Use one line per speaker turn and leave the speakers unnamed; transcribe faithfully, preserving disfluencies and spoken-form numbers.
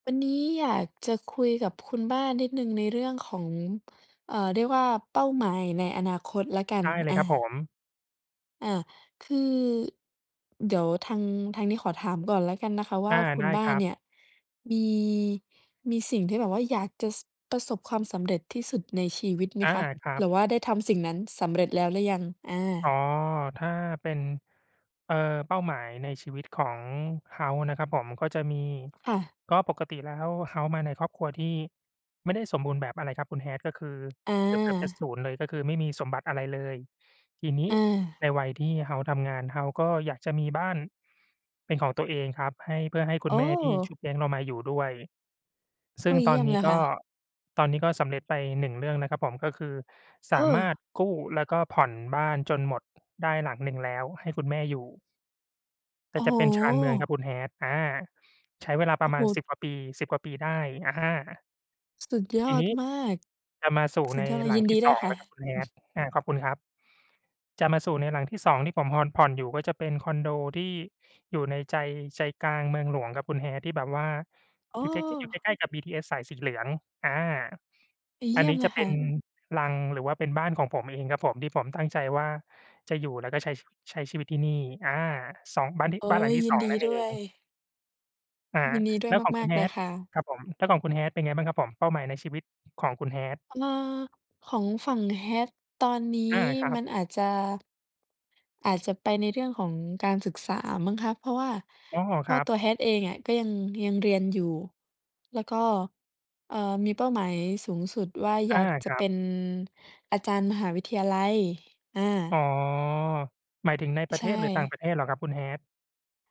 วันนี้อยากจะคุยกับคุณบ้านนิดหนึ่งในเรื่องของ เอ่อ เรียกว่าเป้าหมายในอนาคตละกัน
ได้เล
อ
ยครับผ
า
ม
อา คือ เดี๋ยวทาง ทางนี้ขอถามก่อนแล้วกันนะคะว
อ
่า
า
คุ
ไ
ณ
ด้
บ้
ค
า
ร
น
ับ
เนี่ย มี มีสิ่งที่แบบว่าอยากจะ ซ ประสบความสำเร็จที่สุดในชีวิตไหม
อา
คะ?
ครั
ห
บ
รือว่าได้ทำสิ่งนั้นสำเร็จแล้วหรือยัง? อ
อ๋อ
า
ถ้าเป็น เอ่อ เป้าหมายในชีวิตของเฮาส์นะครับผม ก็จะมี
ค่ะ
ก็ปกติแล้วเฮาส์มาในครอบครัวที่ไม่ได้สมบูรณ์แบบอะไรครับคุณ hat ก็คือ
อ
เกือบ เกือบจะ
า
ศูนย์ เลย ก็คือไม่มีสมบัติอะไรเลย ทีนี้
อา
ในวัยที่เฮ้าส์ทำงาน เฮาส์ก็อยากจะมีบ้าน เป็นของตัวเองครับ ให้ เพื่อให้คุ
โอ
ณ
้!
แม่ที่ชุบเลี้ยงเรามาอยู่ด้วย ซ
โ
ึ
อ
่
้
ง
เ
ต
ยี
อ
่
น
ยม
นี
เ
้
ลย
ก
ค่
็
ะ
ตอนนี้ก็สำเร็จไปหนึ่งเรื่องนะครับผม ก็คือส
เอ
ามารถ
อ!
กู้แล้วก็ผ่อนบ้านจนหมดได้หลังหนึ่งแล้วให้คุณแม่อยู่ แต
โอ
่
้
จ
โ
ะเป็นชานเมืองครับ
ฮ!
คุณ hat อ่า ใช้เวลาป
โอ
ร
้
ะม
โ
า
ฮ!
ณ สิบ กว่าปี สิบ กว่าปีได้ อะฮะ
ส สุดย
ที
อ
่น
ด
ี้
มาก
จะมาสู่
สุ
ใ
ด
น
ยอด
หลั
ยิ
ง
น
ท
ด
ี
ี
่
ด
ส
้ว
อ
ย
ง
ค
แ
่
ล
ะ
้วครับคุณ
อื
hat
ม
อ่า ขอบคุณครับ จะมาสู่ในหลังที่ สอง ที่ผมฮอน ผ่อนอยู่ก็จะเป็นคอนโดที่อยู่ในใจ ใจกลางเมืองหลวงครับคุณ hat ที่แบบว่า
โอ
อย
้!
ู่ใกล้ ๆ อยู่ใกล้ ๆ กับบีทีเอสสายสีเหลือง อ่า
ดีเย
อั
ี
น
่
น
ย
ี
ม
้
เล
จะ
ย
เป
ค
็
่
น
ะ
รัง หรือว่าเป็นบ้านของผมเองครับผม ที่ผมตั้งใจว่าจะอยู่แล้วก็ใช้ ใช้ชีวิตที่นี่ อา สอง บ้าน
โอ้!
บ้านหลังที
ย
่ ส
ิน
อง
ดี
นั่น
ด
เอ
้ว
ง
ย
อ่า
ยินดีด้
แ
ว
ล
ย
้วของ
ม
คุ
า
ณ
ก ๆ เลย
hat
ค่ะ
ครับผม แล้วของคุณ hat เป็นไงบ้างครับผม เป้าหมายในชีวิตของคุณ hat?
อ่า ของฝั่ง hat ตอนนี
อ
้
า ครั
มั
บ
นอาจจะ อาจจะไปในเรื่องของการศึกษามั้งคะ เพราะว่า
อ๋อ
เพ
ค
รา
ร
ะ
ับ
ตัว hat เองอะ ก็ยัง ยังเรียนอยู่ แล้วก็ เอ่อ มีเป้าหมายสูงสุดว่า
อ
อย
า
ากจ
ค
ะ
รั
เป
บ
็นอาจารย์มหาวิทยาลัย อา
อ๋อ หมายถึงในปร
ใ
ะ
ช
เทศ หรือต่าง
่
ประเทศเหรอครับ? คุณ hat